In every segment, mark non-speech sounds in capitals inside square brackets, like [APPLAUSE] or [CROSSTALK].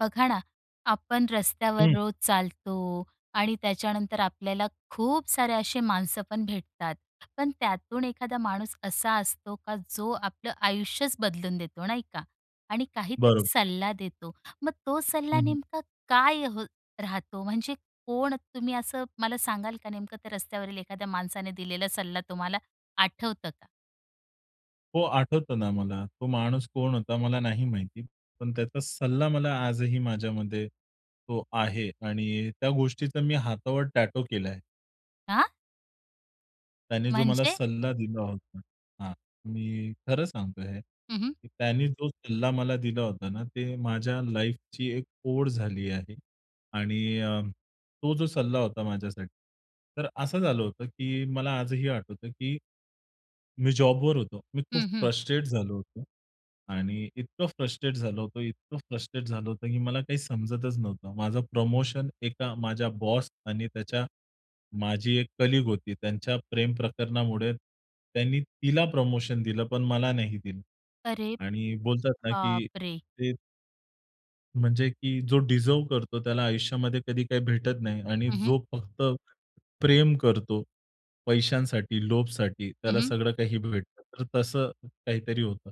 बघा ना, आपण रस्त्यावर हं. रोज चालतो आणि त्याच्यानंतर आपल्याला खूप सारे असे माणसं पण भेटतात. पण त्यातून एखादा माणूस असा असतो का जो आपलं आयुष्यच बदलून देतो, नाही का? आणि काहीतरी बरोबर. सल्ला देतो. मग तो हं, सल्ला हं. नेमका काय अहं राहतो? म्हणजे, कोण तुम्ही? असं मला सांगाल का? नेमकं त्या रस्त्यावरील एखाद्या माणसाने दिलेला सल्ला तुम्हाला आठवतं का? हो, आठवतं ना मला तो माणूस कोण होता? मला नाही माहिती. पण त्याचा सल्ला मला आजही माझ्यामध्ये तो आहे आणि त्या गोष्टीचा मी हातावर टॅटू केलाय. आ? त्याने जो मला म्हणजे? सल्ला दिला होता. हां. मी खरं सांगतोय हे हं, हं. की त्यानी जो सल्ला मला दिला होता ना ते माझ्या लाईफची एक ओढ झाली आहे. आणि अ, तो जो सल्ला होता माझ्यासाठी तर असं झालं होतं की मला आजही आठवतं की मी जॉबवर होतो. मी खूप हं, हं. फ्रस्ट्रेट झालो होतो आणि इतकं फ्रस्ट्रेट झालो होतो, इतकं फ्रस्ट्रेट झालो होतो की मला काही समजतच नव्हतं. माझं प्रमोशन एका माझ्या बॉस आणि त्याच्या माझी 1 कलीग होती. त्यांच्या प्रेमप्रकरणामुळे त्यांनी तिला प्रमोशन दिलं, पण मला नाही दिलं. अरे आणि बोलतात ना की बापरे! ते म्हणजे की जो डिझर्व्ह करतो त्याला आयुष्यामध्ये कधी काही भेटत नाही. आणि हं, हं. जो फक्त प्रेम करतो पैशांसाठी, लोभसाठी हं, त्याला हं. सगळं काही भेटतं. तर तसं काहीतरी होतं.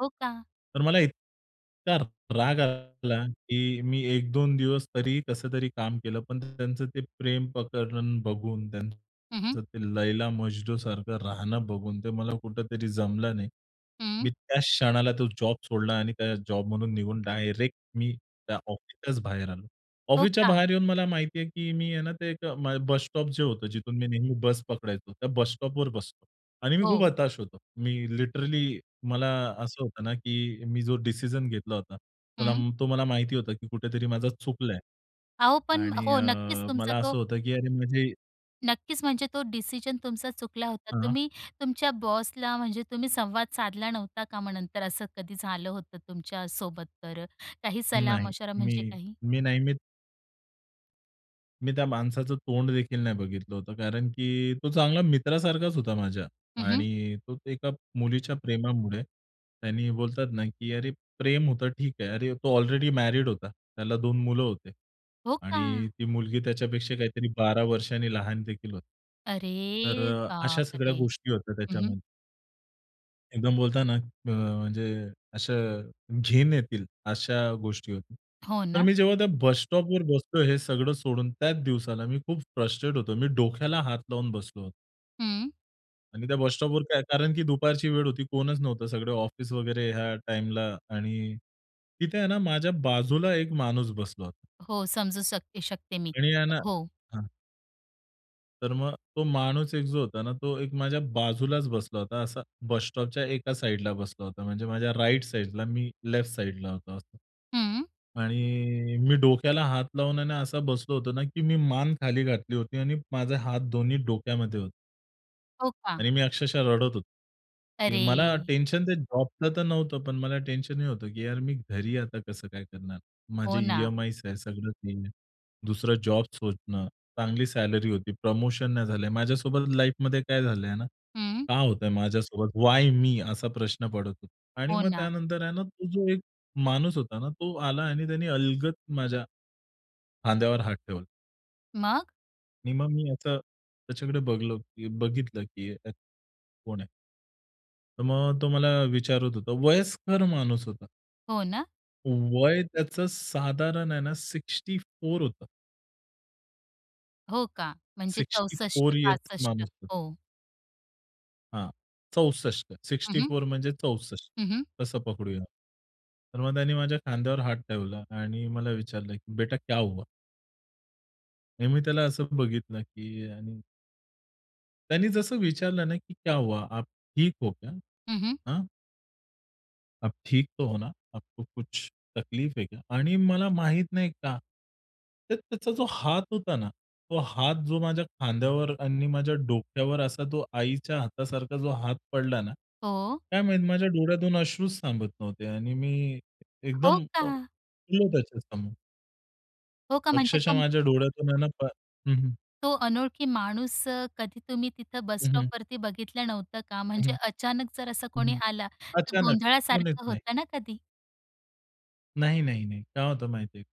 हो, का. तर मला इतका राग आला, की मी 1-2 दिवस तरी, कसं तरी काम केलं. पण त्यांचं ते प्रेम प्रकरण बघून, हं, हं. त्यांचं ते लैला-मजनूसारखं राहणं बघून, ते मला कुठेतरी जमलं नाही. मी हं. त्याच क्षणाला तो जॉब सोडला आणि त्या जॉब म्हणून निघून डायरेक्ट मी त्या ऑफिसच्याच बाहेर आलो. हो ऑफिसच्या का? बाहेर येऊन मला माहिती आहे, की मी आहे ना ते एक बस स्टॉप जे होतं. जिथून मी नेहमी बस पकडायचो, त्या बस स्टॉपवर बसलो. आणि मी खूप हो. हताश होतो. मी लिटरली मला असं होतं ना, की मी जो डिसिजन घेतला होता. हं. तो तो मला माहिती होता की कुठेतरी माझं चुकलंय. अहो पण आणि हो, अ, नक्कीच तुमचा मला तो असं होतं की अरे म्हणजे नक्कीच, म्हणजे तो डिसिजन तुमचा चुकला होता. हां. तुम्ही तुमच्या बॉसला, म्हणजे तुम्ही संवाद साधला नव्हता का मग नंतर असं कधी झालं होतं तुमच्या सोबत तर, काही सलाह नाही. मशवरा म्हणजे मी, काही? मी नेहमीच मी त्या माणसाचं तोंड देखील नाही बघितलं होतं, कारण की, तो चांगला मित्रासारखाच होता माझ्या. हं, हं. आणि तो एका मुलीच्या प्रेमामुळे, आणि बोलतात ना, की अरे प्रेम होतं ठीक आहे. अरे तो ऑलरेडी मॅरीड होता, त्याला 2 मुलं होती, हो आणि का? ती मुलगी त्याच्यापेक्षा काहीतरी 12 वर्षांनी लहान देखील होती. तर अरे अ, अशा सगळ्या बापरे! गोष्टी होत्या हं हं. त्याच्यामध्ये. एकदम बोलताना अ, म्हणजे अशा अ, घिन येतील अशा गोष्टी होती. हो तर ना. मी जेव्हा त्या बस स्टॉपवर बसलोय हे सगळं सोडून त्याच दिवसाला मी खूप फ्रस्ट्रेट होतो. मी डोक्याला हात लावून बसलो होतो. हं. आणि त्या बस स्टॉपवर काय कारण की दुपारची वेळ होती, कोणच नव्हतं. सगळं ऑफिस वगैरे ह्या टाइमला आणि तिथे आहे ना माझ्या बाजूला एक माणूस बसला होता. हो, समजू सक शकते मी. आणि यांना हो. हं. तर मग तो माणूस एक जो होता ना, तो एक माझ्या बाजूलाच बसला होता, असा बस स्टॉपच्या एका साइडला बसला होता. म्हणजे माझ्या राइट साइडला मी लेफ्ट साइडला होतो असं. हं. आणि मी डोक्याला हात लावून आणि असा बसलो होतो ना, की मी मान खाली घातली होती आणि माझे हात दोन्ही डोक्यामध्ये होते. हो का? आणि मी अक्षरशः रडत होतो. की मला अरे. टेन्शन ते जॉबचं तर नव्हतं पण मला टेन्शन हे होतं की यार मी घरी आता कसं काय करणार? माझे हो ना. ई-एम-आयज आहे, सगळं ते आहे. दुसरं जॉब शोधणं, चांगली सॅलरी होती, प्रमोशन नाही झालं. माझ्यासोबत लाईफमध्ये काय झालंय ना, हं. का होतंय माझ्यासोबत वाय मी? असा प्रश्न पडत होता. आणि हो मग ना. त्यानंतर आहे ना तो जो एक माणूस होता ना तो आला आणि त्याने अलगद माझ्या खांद्यावर हात ठेवला. मग? आणि मग मी याचा त्याच्याकडे बघलो की बघितलं की अ, कोण आहे? तर मग तो मला विचारत होता, वयस्कर माणूस होता. हो ना? वय त्याचं साधारण आहे ना 64 होतं. हो का! म्हणजे सिक्स्टी चौसष्ट फोर इयर्सचा पासष्ट माणूस तो. हो. हां, 64 हं, सिक्स्टी हं. फोर म्हणजे 64 हं, हं. तसं पकडूया? तर मग त्यांनी माझ्या खांद्यावर हात ठेवला आणि मला विचारलं की "बेटा क्या हुआ?" आणि मी त्याला असं बघितलं की आणि त्यांनी जसं विचारलं ना की "क्या हुआ, आप ठीक हो क्या? हं, हं. हाँ?" आप ठीक तो हो ना? आपको कुछ तकलीफ है क्या? आणि मला माहीत नाही का, तर त्याचा जो हात होता ना, तो हात जो माझ्या खांद्यावर आणि माझ्या डोक्यावर असा तो आईच्या हातासारखा जो हात पडला ना, हो. काय माहीत माझ्या डोळ्यातून अश्रूच थांबत नव्हते आणि मी हो एकदम अ, का? रडलो त्याच्यासमोर. हो, का म्हणजे अक्षरशः तुम माझ्या डोळ्यातून आहे ना, प हं, हं. तो अनोळखी माणूस, कधी तुम्ही, तिथं बस हं, हं. स्टॉपवरती बघितलं नव्हतं का? हं, म्हणजे हं. अचानक जर असा हं, कोणी हं. आला, तर अचानक. कोण येत गोंधळासारखं नाही. होतं ना कधी? नाही, नाही, नाही. काय होतं माहिती आहे?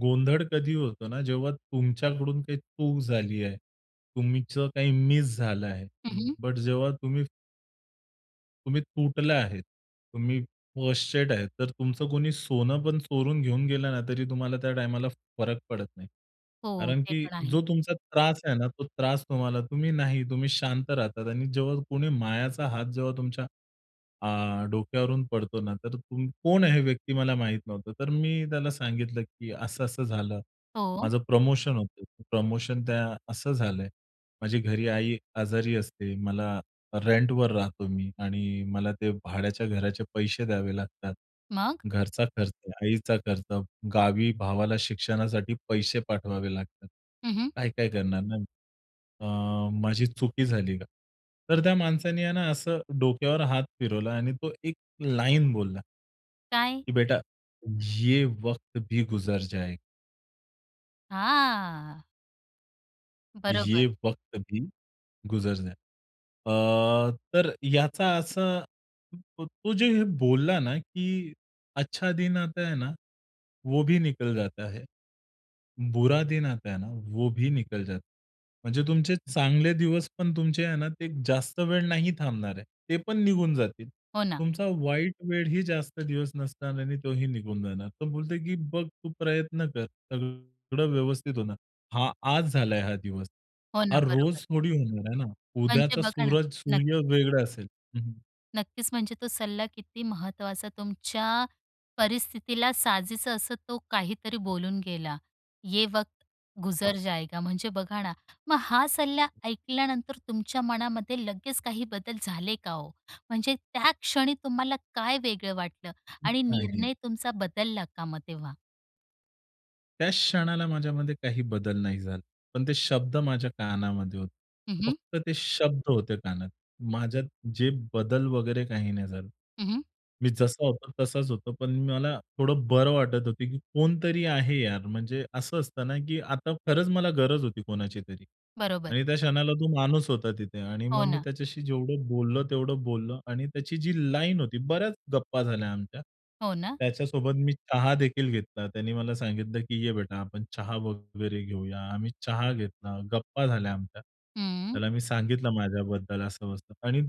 गोंधळ कधी होतो ना, जेव्हा तुमच्याकडून काही चूक झाली आहे, तुमचं काही मिस झालं आहे. हं, हं. बट जेव्हा तुम्ही तुम्ही तुटल्या आहेत, तुम्ही फ्रस्टेट आहे. तर तुमचं कोणी सोनंपण चोरून घेऊन गेलं ना, तरी तुम्हाला त्या टाईमाला फरक पडत नाही. हो, कारण ते की पण आहे. जो तुमचा त्रास आहे ना, तो त्रास तुम्हाला तुम्ही नाही तुम्ही शांत राहतात आणि जेव्हा कोणी मायाचा हात जेव्हा तुमच्या अ, डोक्यावरून पडतो ना, तर तुम कोण आहे हे व्यक्ती मला माहीत नव्हतं. तर मी त्याला सांगितलं, की असं असं झालं. हो. माझं प्रमोशन होतं. प्रमोशन त्या असं झालंय. माझी घरी आई आजारी असते. मला रेंटवर राहतो मी. आणि मला ते भाड्याच्या घराचे पैसे द्यावे लागतात. मग? घरचा खर्च, आईचा खर्च, गावी भावाला शिक्षणासाठी पैसे पाठवावे लागतात. हं, हं. काय-काय करणार ना, मी. अ, माझी चुकी झाली का? तर त्या माणसाने आहे ना, असं डोक्यावर हात फिरवला आणि तो एक लाइन बोलला. काय? की "बेटा, ये वक्त भी गुजर जाएगा." हां. बरोबर. ये वक्त भी गुजर जाय अ, तर याचा असं, तो जे हे बोलला ना, की "अच्छा दिन आता है ना, वो भी निकल जाता है. बुरा दिन आता है ना, वो भी निकल जाता है." म्हणजे तुमचे चांगले दिवस पण तुमचे आहे ना, ते जास्त वेळ नाही थांबणार आहे. ते पण निघून जातील. हो, ना. तुमचा वाईट वेळ ही जास्त दिवस नसणार आणि तोही निघून जाणार. तो बोलतोय की "बघ तू प्रयत्न कर, सगळं व्यवस्थित होणार. हा आज झालाय हा दिवस. हो, हा ना, रोज बरोबर. थोडी होणार आहे ना? म्हणजे उद्याचा बघा ना सूरज -सूर्य नक्कीच. वेगळा असेल." हं, हं. नक्कीच. म्हणजे तो सल्ला किती महत्त्वाचा, तुमच्या परिस्थितीला साजेसं असं तो काहीतरी बोलून गेला. "ये वक्त गुजर जायगा" म्हणजे बघा ना, मग हा सल्ला ऐकल्यानंतर तुमच्या मनामध्ये लगेच काही बदल झाले का हो? म्हणजे त्या क्षणी तुम्हाला काय वेगळं वाटलं [UNINTELLIGIBLE] आणि आहे. निर्णय तुमचा बदलला का मग तेव्हा? त्याच क्षणाला माझ्यामध्ये काही बदल नाही झाला. पण ते शब्द माझ्या कानामध्ये होते. हं, हं. फक्त ते शब्द होते कानात. माझ्यात जे बदल वगैरे काही नाही झालं. हं, हं. मी जसा होतो तसाच होतो पण मला थोडं बरं वाटत होतं की 'कोणीतरी आहे यार.' म्हणजे असं असतं ना, की आता खरंच मला गरज होती कोणाची तरी बरोबर. आणि त्या क्षणाला तो माणूस होता तिथे. आणि मग हो, मी ना. त्याच्याशी जेवढं बोललो, तेवढं बोललो आणि त्याची जी लाईन होती, बऱ्याच गप्पा झाल्या आमच्या. हो, ना. त्याच्यासोबत मी चहा देखील घेतला, त्याने मला सांगितलं की "ये बेटा, आपण चहा वगैरे घेऊया." आम्ही चहा घेतला, गप्पा झाल्या आमच्या. हम्म. त्याला मी सांगितलं माझ्याबद्दल असं-बसं. आणि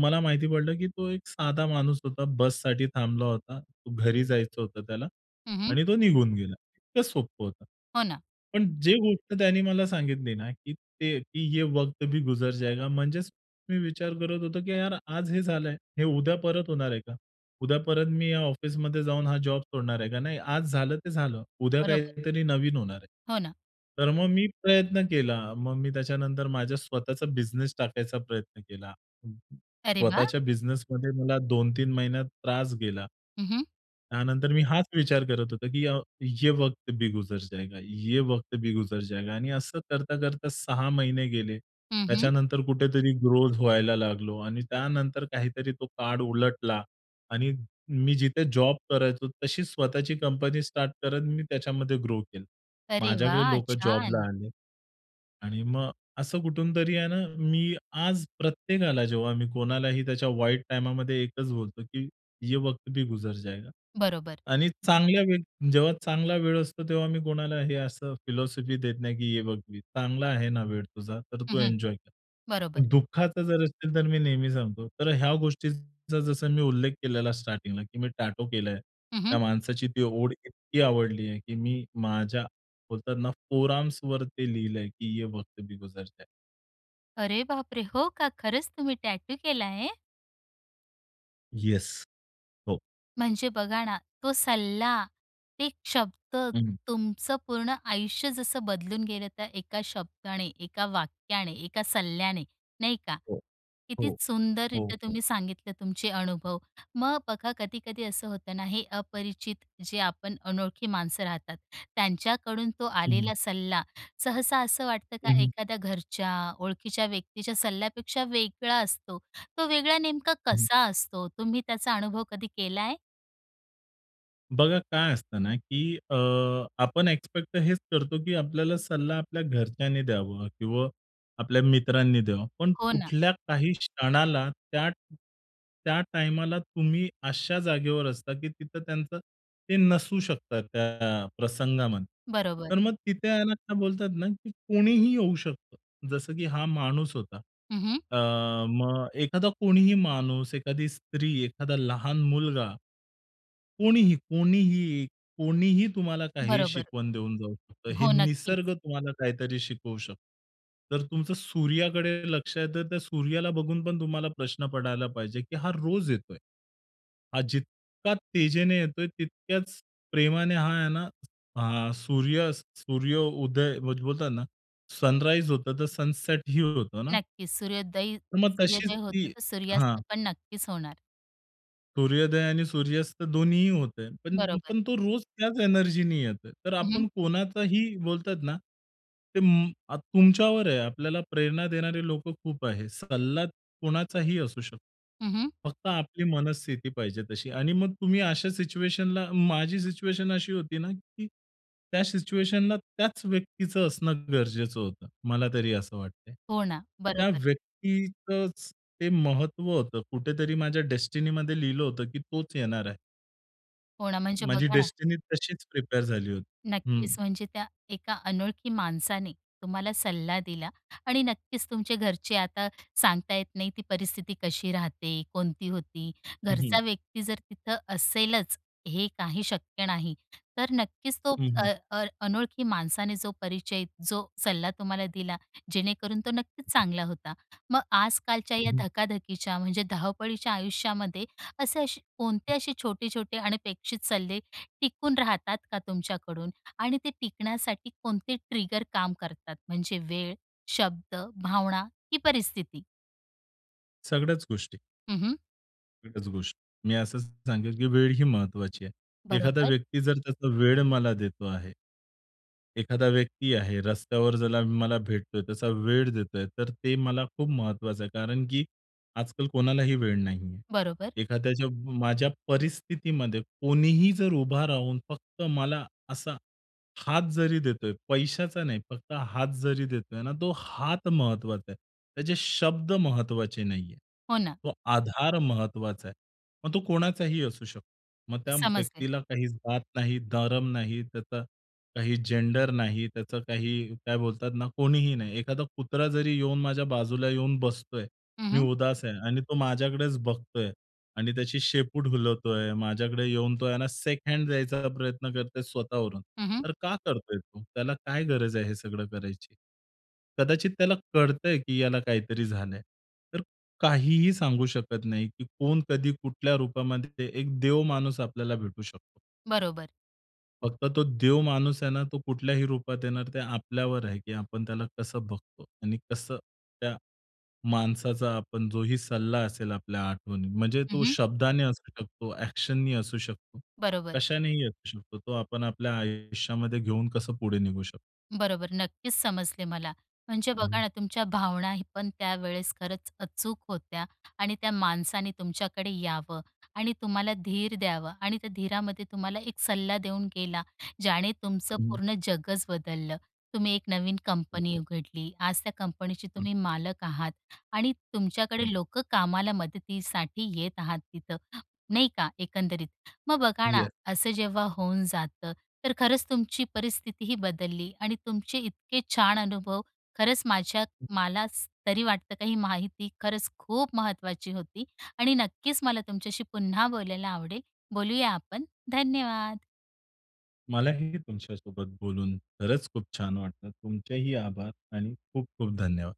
मला माहिती पडलं की तो एक साधा माणूस होता; बससाठी थांबला होता, घरी जायचं होतं त्याला हं, हं. आणि तो निघून गेला. इतकं सोपं होतं. हो, ना. पण जे गोष्ट त्यांनी मला सांगितली ना की ते "ये वक्त भी गुजर जाएगा." म्हणजेच मी विचार करत होतो, की "यार, आज हे झालंय, हे उद्या परत होणार आहे का? उद्या परत मी या ऑफिसमध्ये जाऊन हा जॉब सोडणार आहे का? नाही, आज झालं ते झालं, उद्या बरोबर. काहीतरी नवीन होणार आहे." हो, ना. तर मग मी प्रयत्न केला. मग मी त्याच्यानंतर माझा स्वतःचा बिझनेस टाकायचा प्रयत्न केला. अरे वाह! स्वतःच्या बिझनेसमध्ये मला दोन-तीन महिन्यात त्रास गेला. हं, हं. त्यानंतर मी हाच विचार करत होतो की अ, "ये वक्त भी गुजर जाएगा ये वक्त भी गुजर जाएगा." आणि असं करता-करता 6 महिने गेले. हं, हं. त्याच्यानंतर कुठेतरी ग्रोथ व्हायला लागलो आणि त्यानंतर काहीतरी तो काळ उलटला आणि मी जिथे जॉब करायचो तशी स्वतःची कंपनी स्टार्ट करत मी त्याच्यामध्ये ग्रो केलं. अरे माझ्याकडे वाह! लोकं जॉबला छान. आले. आणि मग असं कुठूनतरी आहे ना, मी आज प्रत्येकाला जेव्हा मी कोणालाही त्याच्या वाईट टाईमामध्ये एकच बोलतो की "ये वक्त भी गुजर जाएगा." बरोबर. आणि चांगल्या वेळ जेव्हा चांगला वेळ असतो तेव्हा मी कोणाला हे असं फिलॉसॉफी देत नाही, की "ये वक्त भी" चांगला आहे ना वेळ तुझा, तर हं, तू हं. एन्जॉय कर. बरोबर. दुःखाचा जर असेल तर मी नेहमी सांगतो. तर ह्या गोष्टींचा जसं मी उल्लेख केलेला स्टार्टिंगला, की मी टॅटू केलंय, हं, त्या हं. माणसाची ती ओळ इतकी आवडली आहे, की मी माझ्या बोलतात ना फोरआर्म्सवरती लिहिलंय की "ये वक्त भी गुजर जाएगा." अरे बापरे! हो का. खरंच तुम्ही टॅटू केलाय? येस, हो. म्हणजे बघा ना तो सल्ला, एक शब्द हं. तुमचं पूर्ण आयुष्य जसं बदलून गेलं त्या एका शब्दाने, एका वाक्याने, एका सल्ल्याने नाही का? हो, किती हो, हो, सुंदररित्या हो. तुम्ही सांगितले तुमचे अनुभव. मग बघा कधी-कधी असं होतं ना हे अपरिचित जे आपण अनोळखी माणसं राहतात. त्यांच्याकडून तो हं. आलेला सल्ला, सहसा असं वाटतं का हं, हं. एखाद्या घरच्या, ओळखीच्या व्यक्तीच्या सल्ल्यापेक्षा वेगळा असतो. तो वेगळा नेमका हं. कसा असतो? तुम्ही त्याचा अनुभव कधी केलाय? बघा काय असतं ना, की अ, आपण एक्सपेक्ट तर हेच करतो, की आपल्याला सल्ला आपल्या घरच्यांनी द्यावा किंवा आपल्या मित्रांनी द्यावा. पण हो ना. कुठल्या, काही क्षणाला त्या, त्या टाईमाला तुम्ही अशा जागेवर असता, की तिथं त्यांचं ते नसू शकतात त्या प्रसंगामध्ये. बरोबर. तर मग तिथे आहे ना काय बोलतात ना, की कोणीही येऊ शकतं, जसं की हा माणूस होता. हं, हं. अ, मग एखादा कोणीही माणूस, एखादी स्त्री, एखादा लहान मुलगा, कोणीही, कोणीही, कोणीही तुम्हाला काहीही बरोबर. शिकवण देऊन जाऊ शकतं. हे हो नक्कीच. निसर्ग तुम्हाला काहीतरी शिकवू शकतो. तर तुमचं सूर्याकडे लक्ष आहे तर त्या सूर्याला बघून पण तुम्हाला प्रश्न पडायला पाहिजे, की हा रोज येतोय. हा जितका तेजीने येतोय तितक्याच प्रेमाने हा आहे ना हा सूर्य सूर्य उदय बोलतात ना सनराईज होतं तर सनसेटही होतं ना? नक्कीच सूर्योदय, तर मग तशीच सूर्योदय ती होतो तर हां. सूर्यास्तपण नक्कीच होणार. सूर्योदय आणि सूर्यास्त दोन्हीही होतंय. पण, बरोबर. पण तो रोज त्याचं एनर्जीने येतो. तर हं, आपण हं. कोणाचाही बोलतात ना ते म तुमच्यावर आहे, आपल्याला प्रेरणा देणारे लोकं खूप आहेत. सल्ला कोणाचाही असू शकतो. हं, हं. फक्त आपली मनस्थिती पाहिजे तशी. आणि मग तुम्ही अशा सिच्युएशनला माझी सिच्युएशन अशी होती ना, की त्या सिच्युएशनला त्याच व्यक्तीचं असणं गरजेचं होतं, मला तरी असं वाटतंय. हो ना. त्या बरोबर. व्यक्तीतचं ते महत्त्व होतं, कुठेतरी माझ्या डेस्टिनीमध्ये लिहिलं होतं, की तोच येणार आहे. हो ना. म्हणजे माझी बघा ना डेस्टिनी तशीच प्रिपेअर झाली होती. हं. नक्कीचं. म्हणजे त्या एका अनोळखी माणसाने तुम्हाला सल्ला दिला आणि नक्कीचं तुमच्या घरचे आता सांगता येत नाही ती परिस्थिती कशी राहते? कोणती होती? हं, हं. घरचा व्यक्ती जर तिथं असेलचं हे काही शक्य नाही. तर नक्कीचं तो हं, हं. अ, अ, अनोळखी माणसाने जो परिचय जो सल्ला तुम्हाला दिला, जेणेकरून तो नक्कीच चांगला होता. मग आजकालच्या अं, या हं. धकाधकीच्या म्हणजे धावपळीच्या आयुष्यामध्ये असे-असे कोणते असे छोटे-छोटे अनपेक्षित सल्ले टिकून राहतात का तुमच्याकडून? आणि ते टिकण्यासाठी कोणते ट्रिगर काम करतात? म्हणजे वेळ, शब्द, भावना की परिस्थिती? सगळ्याच गोष्टी. हं, हं. एकच गोष्ट. मी असं सांगेन की वेळ ही महत्त्वाची आहे. एखादा बरोबर. व्यक्ती जर त्याचा वेळ मला देतो आहे. एखादा व्यक्ती आहे, रस्त्यावर ज्याला मला भेटतोय, त्याचा वेळ देतोय तर ते मला खूप महत्त्वाचं आहे. कारण की आजकाल कोणालाही वेळ नाही आहे. बरोबर. एखाद्याच्या माझ्या परिस्थितीमध्ये कोणीही जर उभा राहून फक्त मला असा हात जरी देतोय, पैशाचा नाही फक्त हात जरी देतोय ना, तो हात महत्त्वाचा आहे. त्याचे शब्द महत्त्वाचे नाहीये. हो ना. तो आधार महत्त्वाचा आहे. मग तो कोणाचाही असू शकतो. मग त्या समजले. व्यक्तीला काही जात नाही, धर्म नाही, त्याचा काही जेंडर नाही, त्याचं काही काय बोलतात ना कोणीही नाही. एखादा कुत्रा जरी येऊन माझ्या बाजूला येऊन बसतोय. हं, मी हं. उदास आहे आणि तो माझ्याकडेच बघतोय आणि त्याची शेपूट हलवतोय, माझ्याकडे येऊन तो आहे ना शेक हँड जायचा प्रयत्न करतोय स्वतःवरून. हं, हं. तर का करतोय तो? त्याला काय गरज आहे हे सगळं करायची? कदाचित त्याला कळतंय की याला काहीतरी झालंय. तर काहीही सांगू शकत नाही की कोण, कधी, कुठल्या रूपामध्ये एक देव माणूस आपल्याला भेटू शकतो. बरोबर. फक्त तो देवमाणूस आहे ना, तो कुठल्याही रूपात येणार, ते आपल्यावर आहे की आपण त्याला कसं बघतो. आणि कसं त्या माणसाचा आपण जोही सल्ला असेल आपल्या आठवणीत, म्हणजे हं, तो हं. शब्दाने असू शकतो, एक्शन नी असू शकतो, बरोबर. कशानेही असू शकतो, तो आपण आपल्या आयुष्यामध्ये घेऊन कसं पुढे निघू शकतो. बरोबर, नक्कीच समजले मला. म्हणजे हं. बघा ना, तुमच्या भावनाही पण त्यावेळेस खरंच अचूक होत्या आणि त्या माणसाने तुमच्याकडे यावं आणि तुम्हाला धीर द्यावं आणि त्या धीरामध्ये तुम्हाला एक सल्ला देऊन गेला, ज्याने तुमचं हं. पूर्ण जगच बदललं. तुम्ही एक नवीन कंपनी उघडली. आज त्या कंपनीचे तुम्ही मालक आहात आणि अ तुमच्याकडे लोक कामाला मदतीसाठी येत आहात तिथं, नाही का एकंदरीत? मग बघा ना, यस. असं जेव्हा होऊन जातं, तर खरंच तुमची परिस्थितीही बदलली आणि तुमचे इतके छान अनुभव खरंच माझ्या मला तरी वाटतं काही माहिती खरंच खूप महत्त्वाची होती आणि नक्कीच मला तुमच्याशी पुन्हा बोलायला आवडेल. बोलूया आपण. धन्यवाद. मलाही तुमच्यासोबत बोलून खरंच खूप छान वाटलं, तुमचेही आभार आणि खूप-खूप धन्यवाद.